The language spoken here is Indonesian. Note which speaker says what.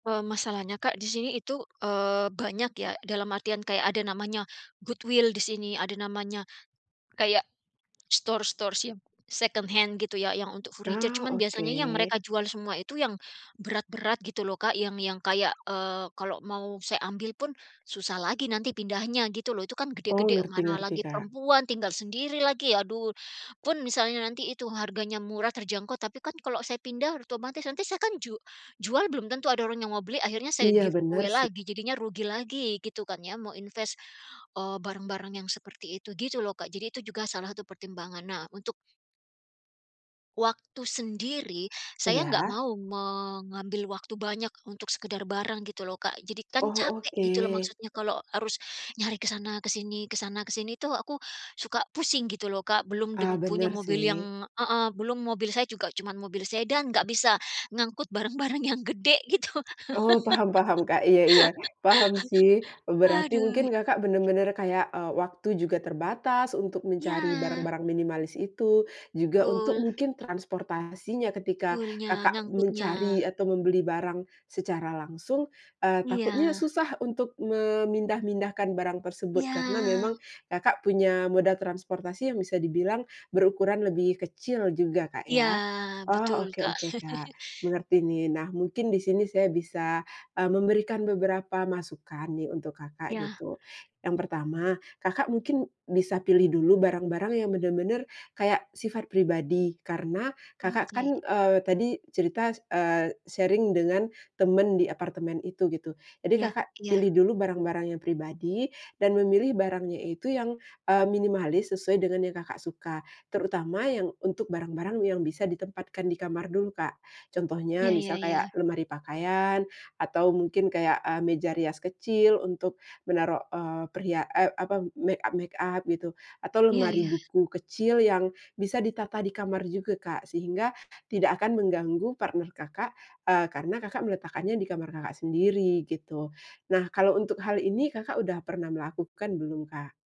Speaker 1: Eee, masalahnya, Kak, di sini itu, eee, banyak ya. Dalam artian, kayak ada namanya goodwill di sini. Ada namanya, kayak store-store yang secondhand gitu ya, yang untuk furniture.
Speaker 2: Oh,
Speaker 1: Cuman biasanya yang
Speaker 2: oke.
Speaker 1: mereka jual semua itu yang berat-berat gitu loh, Kak. Yang yang kayak, eee, kalau mau saya ambil pun susah lagi nanti pindahnya gitu loh. Itu kan
Speaker 2: Oh,
Speaker 1: gede-gede,
Speaker 2: ngerti
Speaker 1: mana
Speaker 2: ngerti,
Speaker 1: lagi
Speaker 2: Kak.
Speaker 1: perempuan, tinggal sendiri lagi, aduh. Pun misalnya nanti itu harganya murah, terjangkau, tapi kan kalau saya pindah otomatis nanti saya kan ju jual belum tentu ada orang yang mau beli. Akhirnya saya
Speaker 2: Iya, benar
Speaker 1: giveaway
Speaker 2: sih.
Speaker 1: lagi, jadinya rugi lagi, gitu kan ya. Mau inves, eee, barang-barang yang seperti itu gitu loh, Kak. Jadi itu juga salah satu pertimbangan. Nah, untuk waktu sendiri, saya enggak
Speaker 2: Ya.
Speaker 1: mau mengambil waktu banyak untuk sekedar barang gitu loh, Kak. Jadi kan
Speaker 2: Oh,
Speaker 1: capek gitu loh,
Speaker 2: oke.
Speaker 1: maksudnya kalau harus nyari ke sana, ke sini ke sana, ke sini tuh aku suka pusing gitu loh, Kak. Belum deng
Speaker 2: Ah,
Speaker 1: punya
Speaker 2: bener
Speaker 1: mobil
Speaker 2: sih.
Speaker 1: yang heeh. Belum, mobil saya juga cuman mobil sedan, enggak bisa ngangkut barang-barang yang gede, gitu.
Speaker 2: Oh, paham paham, Kak. Iya iya, paham sih. Berarti mungkin,
Speaker 1: Aduh.
Speaker 2: Kakak benar-benar kayak, eee, waktu juga terbatas untuk mencari
Speaker 1: Iya.
Speaker 2: barang-barang minimalis itu. Juga untuk
Speaker 1: Betul.
Speaker 2: mungkin transportasinya ketika,
Speaker 1: Pull-nya,
Speaker 2: Kakak mencari
Speaker 1: ngangkutnya.
Speaker 2: atau membeli barang secara langsung, eee, takutnya
Speaker 1: Iya.
Speaker 2: susah untuk memindah-mindahkan barang tersebut karena
Speaker 1: Iya.
Speaker 2: memang, Kakak punya moda transportasi yang bisa dibilang berukuran lebih kecil juga, Kak,
Speaker 1: Iya,
Speaker 2: ya.
Speaker 1: betul
Speaker 2: Oh,
Speaker 1: Kak.
Speaker 2: oke-oke, Kak, mengerti nih. Nah, mungkin di sini saya bisa, eee, memberikan beberapa masukan nih untuk Kakak,
Speaker 1: Iya.
Speaker 2: gitu. Yang pertama, Kakak mungkin bisa pilih dulu barang-barang yang bener-bener kayak sifat pribadi, karena, Kakak
Speaker 1: Oke.
Speaker 2: kan, eee, tadi cerita s eee, sharing dengan teman di apartemen itu, gitu. Jadi,
Speaker 1: Iya
Speaker 2: Kakak
Speaker 1: iya.
Speaker 2: pilih dulu barang-barang yang pribadi dan memilih barangnya itu yang, eee, minimalis sesuai dengan yang Kakak suka. Terutama yang untuk barang-barang yang bisa ditempatkan di kamar dulu, Kak. Contohnya,
Speaker 1: Iya iya
Speaker 2: misal kayak
Speaker 1: iya.
Speaker 2: lemari pakaian, atau mungkin kayak eee, meja rias kecil untuk menaruh, eee, perhia eee, apa, makeup-makeup gitu. Atau
Speaker 1: Iya
Speaker 2: lemari
Speaker 1: iya.
Speaker 2: buku kecil yang bisa ditata di kamar juga, Kak, sehingga tidak akan mengganggu partner Kakak, eee, karena, Kakak meletakkannya di kamar Kakak sendiri, gitu. Nah, kalau untuk hal ini, Kakak udah pernah melakukan belum, Kak?